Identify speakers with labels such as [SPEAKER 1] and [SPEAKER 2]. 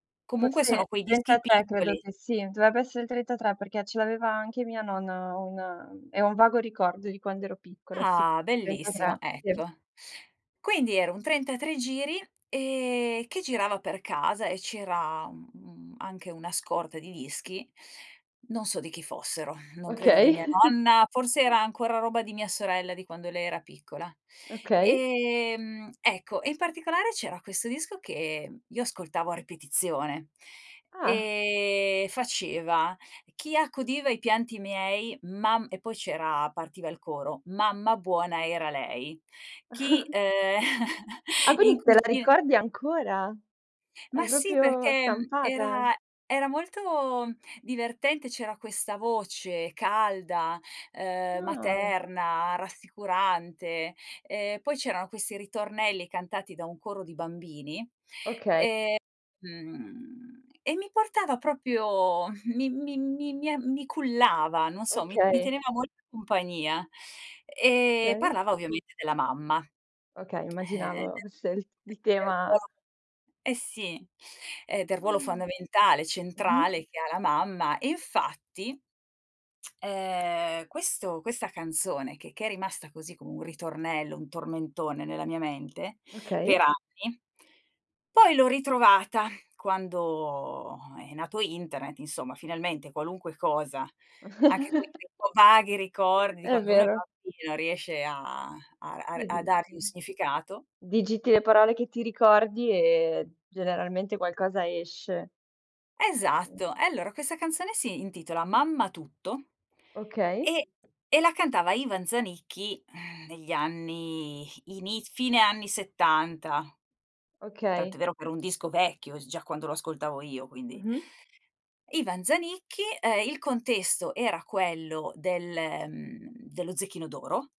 [SPEAKER 1] Comunque sono
[SPEAKER 2] Forse
[SPEAKER 1] quei
[SPEAKER 2] il
[SPEAKER 1] dischi
[SPEAKER 2] 33 credo
[SPEAKER 1] piccoli.
[SPEAKER 2] che sì. Dovrebbe essere il 33 perché ce l'aveva anche mia nonna un e ho un vago ricordo di quando ero piccola, sì.
[SPEAKER 1] Ah,
[SPEAKER 2] Il
[SPEAKER 1] bellissimo
[SPEAKER 2] 33 per
[SPEAKER 1] ecco. Quindi era un 33 giri, ehm, che girava per casa e c'era, mhmm, anche una scorta di dischi, non so di chi fossero, non credo di
[SPEAKER 2] Okay.
[SPEAKER 1] mia nonna, forse era ancora roba di mia sorella di quando lei era piccola.
[SPEAKER 2] Okay.
[SPEAKER 1] Ehm, ecco e in particolare c'era questo disco che io ascoltavo a ripetizione.
[SPEAKER 2] Ah.
[SPEAKER 1] Ehm, faceva: "Chi accudiva i pianti miei mam" e poi c'era partiva il coro: "Mamma buona era lei, chi" ehm,
[SPEAKER 2] Ah,
[SPEAKER 1] in
[SPEAKER 2] quindi te la
[SPEAKER 1] cucina
[SPEAKER 2] ricordi ancora? È
[SPEAKER 1] Ma sì,
[SPEAKER 2] proprio
[SPEAKER 1] perché, mhmm,
[SPEAKER 2] stampata.
[SPEAKER 1] era era molto divertente, c'era questa voce calda, uhm,
[SPEAKER 2] Ah.
[SPEAKER 1] materna, rassicurante, ehm, poi c'erano questi ritornelli cantati da un coro di bambini,
[SPEAKER 2] Okay.
[SPEAKER 1] ehm, mhmm, e mi portava proprio mi mi mi a mi cullava, non so, mi mi
[SPEAKER 2] Okay.
[SPEAKER 1] teneva molta in compagnia, ehm,
[SPEAKER 2] Okay.
[SPEAKER 1] parlava ovviamente della mamma,
[SPEAKER 2] Okay,
[SPEAKER 1] ehm, del
[SPEAKER 2] immaginavo scelt il
[SPEAKER 1] perdo
[SPEAKER 2] tema
[SPEAKER 1] eh sì, ehm, del ruolo
[SPEAKER 2] Mh.
[SPEAKER 1] fondamentale,
[SPEAKER 2] Mh-mh.
[SPEAKER 1] centrale che ha la mamma. E infatti ehm, questo questa canzone che che è rimasta così come un ritornello, un tormentone nella mia mente per
[SPEAKER 2] Okay.
[SPEAKER 1] anni poi l'ho ritrovata quando è nato internet insomma, finalmente qualunque cosa, anche quei rico vaghi ricordi di
[SPEAKER 2] È
[SPEAKER 1] quando uno è
[SPEAKER 2] vero.
[SPEAKER 1] bambino riesce a a a r
[SPEAKER 2] Sì
[SPEAKER 1] a dargli un
[SPEAKER 2] mh-mh.
[SPEAKER 1] significato
[SPEAKER 2] Digiti le parole che ti ricordi e generalmente qualcosa esce.
[SPEAKER 1] Esatto.
[SPEAKER 2] Mh.
[SPEAKER 1] E allora questa canzone si intitola Mamma tutto
[SPEAKER 2] Okay.
[SPEAKER 1] e e la cantava Ivan Zanicchi, negli anni, iniz fine anni 70. Tant'è
[SPEAKER 2] Okay.
[SPEAKER 1] vero che era un disco vecchio s già quando lo ascoltavo io, quindi
[SPEAKER 2] Mh-mh.
[SPEAKER 1] Ivan Zanicchi, ehm, il contesto era quello del mhmm, dello 'Zecchino d'oro'